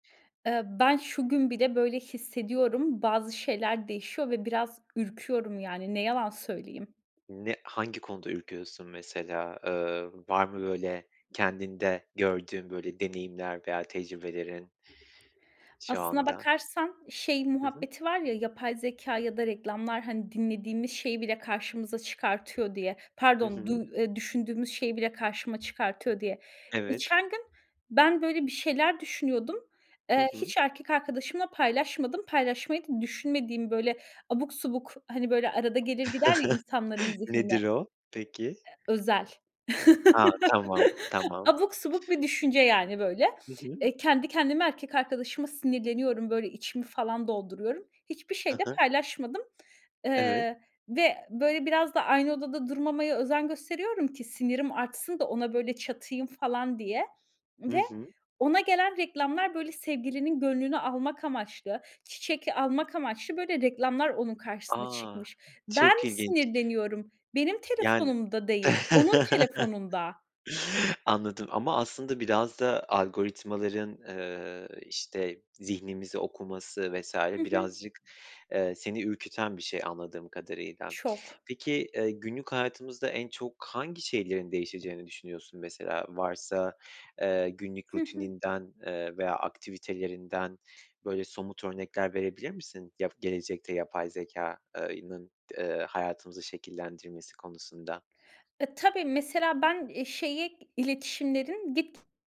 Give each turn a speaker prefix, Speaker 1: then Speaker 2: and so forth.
Speaker 1: Eee, ben şu gün bile böyle hissediyorum, bazı şeyler değişiyor ve biraz ürküyorum yani ne yalan söyleyeyim.
Speaker 2: Ne hangi konuda ürküyorsun mesela? Eee, var mı böyle kendinde gördüğün böyle deneyimler veya tecrübelerin şu
Speaker 1: Aslına
Speaker 2: anda?
Speaker 1: bakarsan şey
Speaker 2: Hı hı.
Speaker 1: muhabbeti var ya yapay zekâ ya da reklamlar hani dinlediğimiz şeyi bile karşımıza çıkartıyor diye.
Speaker 2: Hı
Speaker 1: Pardon,
Speaker 2: hı.
Speaker 1: duy eee, düşündüğümüz şeyi bile karşıma çıkartıyor diye.
Speaker 2: Evet.
Speaker 1: Geçen gün ben böyle bir şeyler düşünüyordum.
Speaker 2: Hı
Speaker 1: Eee,
Speaker 2: hı.
Speaker 1: hiç erkek arkadaşımla paylaşmadım. Paylaşmayı da düşünmediğim böyle abuk subuk hani böyle arada gelir gider ya insanların zihnine.
Speaker 2: Nedir
Speaker 1: Eee,
Speaker 2: o? Peki.
Speaker 1: özel.
Speaker 2: Ha. Tamam, tamam.
Speaker 1: Abuk subuk bir düşünce yani böyle.
Speaker 2: Hı hı.
Speaker 1: Eee, kendi kendime erkek arkadaşıma sinirleniyorum, böyle, içimi falan dolduruyorum. Hiçbir
Speaker 2: I
Speaker 1: şey de
Speaker 2: hı.
Speaker 1: paylaşmadım.
Speaker 2: Evet.
Speaker 1: Eee, ve böyle biraz da aynı odada durmamaya özen gösteriyorum ki sinirim artsın da ona böyle çatayım falan diye
Speaker 2: Hı
Speaker 1: ve
Speaker 2: hı.
Speaker 1: ona gelen reklamlar böyle sevgilinin gönlünü almak amaçlı, çiçek almak amaçlı böyle reklamlar onun karşısına
Speaker 2: A,
Speaker 1: çıkmış. Ben
Speaker 2: çok ilginç.
Speaker 1: sinirleniyorum, benim
Speaker 2: Yani
Speaker 1: telefonumda değil, onun telefonunda.
Speaker 2: Anladım ama aslında biraz da algoritmaların, eee, işte, zihnimizi okuması vs.
Speaker 1: Hı hı.
Speaker 2: birazcık, ııı, seni ürküten bir şey anladığım kadarıyla.
Speaker 1: Çok.
Speaker 2: Peki, eee, günlük hayatımızda en çok hangi şeylerin değişeceğini düşünüyorsun mesela varsa, eee, günlük
Speaker 1: Hı hı.
Speaker 2: rutininden, eee, veya aktivitelerinden, böyle, somut örnekler verebilir misin ya gelecekte yapay zekâ eee, ının d hayatımızı şekillendirmesi konusunda?
Speaker 1: E, tabii, mesela ben, eee, şeye iletişimlerin dik